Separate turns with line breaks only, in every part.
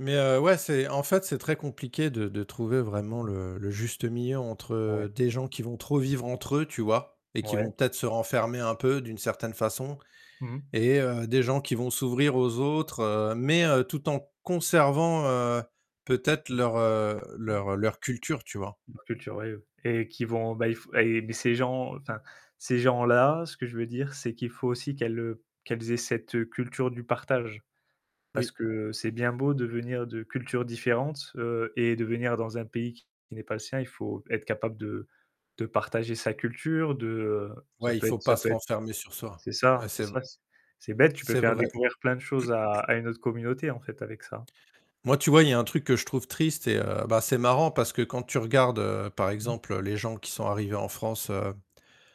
Mais heu, ouais, c'est en fait, c'est très compliqué de de trouver vraiment
Mmh.
le le juste milieu
Ouais.
entre des gens qui vont trop vivre entre eux, tu vois? Et qui
Ouais.
vont peut-être se renfermer un peu d'une certaine façon.
Mmh.
Et heu, des gens qui vont s'ouvrir aux autres, heu, mais heu, tout en conservant, heu, peut-être leur, heu, leur leur culture, tu vois?
La culture, oui, oui. Et qui vont bah, il f et beh, ces gens enfin ces gens-là, ce que je veux dire, c'est qu'il faut aussi qu'elles, heu, qu'elles aient cette, heu, culture du partage. Parce
Oui.
que c'est bien beau de venir de cultures différentes, heu, et de venir dans un pays qui n'est pas le sien, il faut être capable de de partager sa culture, de, heu ça
Ouais, il
peut
faut
être ça
pas se
peut être
renfermer sur soi.
c'est ça,
Ouais
c'est
c'est vr
ça c c'est bête, tu peux
c'est
faire
vrai.
découvrir plein de choses à à une autre communauté, en fait, avec ça.
Moi tu vois, il y a un truc que je trouve triste, et heu, bah, c'est marrant parce que, quand tu regardes, heu, par exemple, heu, les gens qui sont arrivés en France, heu,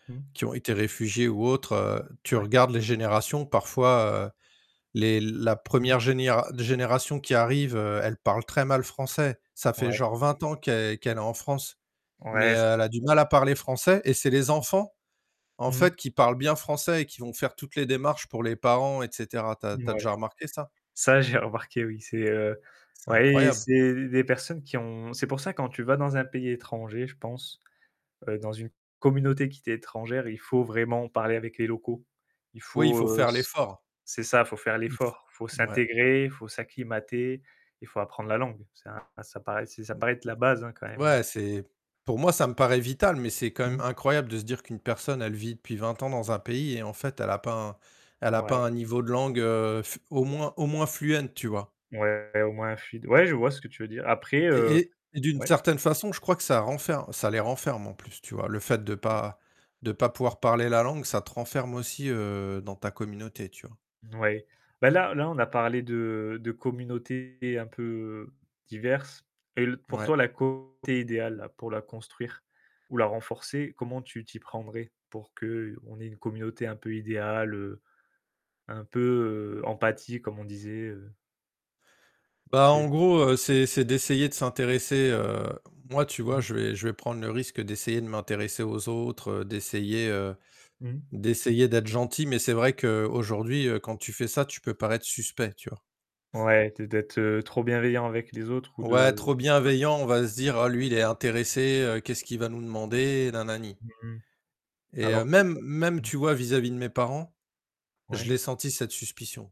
Mmh.
qui ont été réfugiés ou autres, heu, tu
Ouais.
regardes les générations, parfois heu, les la
Mmh.
1re généra génération qui arrive, heu, elle parle très mal français. Ça fait
Ouais.
genre 20 ans qu'elle qu'elle est en France, mais
Ouais ça se
elle a du mal à
[unintelligible]
parler français et c'est les enfants, en
Mmh.
fait, qui parlent bien français et qui vont faire toutes les démarches pour les parents et cetera. Tu
Mouais.
as tu as déjà remarqué ça?
Ça j'ai remarqué oui, c'est heu,
C'est
ouais, et
incroyable.
c'est d des personnes qui ont c'est pour ça quand tu vas dans un pays étranger je pense, heu, dans une communauté qui t'est étrangère, il faut vraiment parler avec les locaux. Il
Oui, il
faut,
faut
heu
faire
s
l'effort.
c'est ça, faut faire
Il f
l'effort, faut
ouais.
s'intégrer, faut s'acclimater, et faut apprendre la langue. C'est un ça paraît c'est ça
Mmh.
paraît être la base, hein, quand même,
Ouais,
heu
c'est pour moi ça me paraît vital, mais c'est quand même
Mmh.
incroyable de se dire qu'une personne elle vit depuis 20 ans dans un pays et en fait, elle a pas un elle a pas
Ouais.
un niveau de langue, heu, f au moins au moins fluent tu vois?
Ouais au moins fuide. Ouais, je vois ce que tu veux dire. Après
Et
heu
et et d'une
ouais.
certaine façon je crois que ça renferme ça les renferme, en plus, tu vois, le fait de pas de pas
Mmh.
pouvoir parler la langue ça te renferme aussi, heu, dans ta communauté, tu vois?
Ouais, bah, là là, on a parlé de de communautés un peu, diverses. Et l pour
Ouais.
toi la communauté idéale pour la construire, ou la renforcer, comment tu t'y prendrais pour qu'on ait une communauté un peu idéale, heu, un peu, heu, empathique comme on disait heu? Tu
Bah, en
sais?
gros, heu, c'est c'est d'essayer de s'intéresser, heu moi, tu vois,
Mmh.
je vais je vais prendre le risque d'essayer de m'intéresser aux autres, heu, d'essayer, heu,
Mmh.
d'essayer d'être gentil mais, c'est vrai qu'aujourd'hui, heu, quand tu fais ça, tu peux paraître suspect, tu vois?
Ouais, de d'être, heu, trop bienveillant avec les autres ou
Ouais,
de.
trop
[unintelligible]
bienveillant, on va se dire: «Ah lui il est intéressé, heu, qu'est-ce qu'il va nous demander? Na, na, ni.»
Mmh.
Et heu,
Alors que
même
ça
même, tu vois, vis-à-vis de mes parents, je l'ai
Ouais.
sentie, cette suspicion.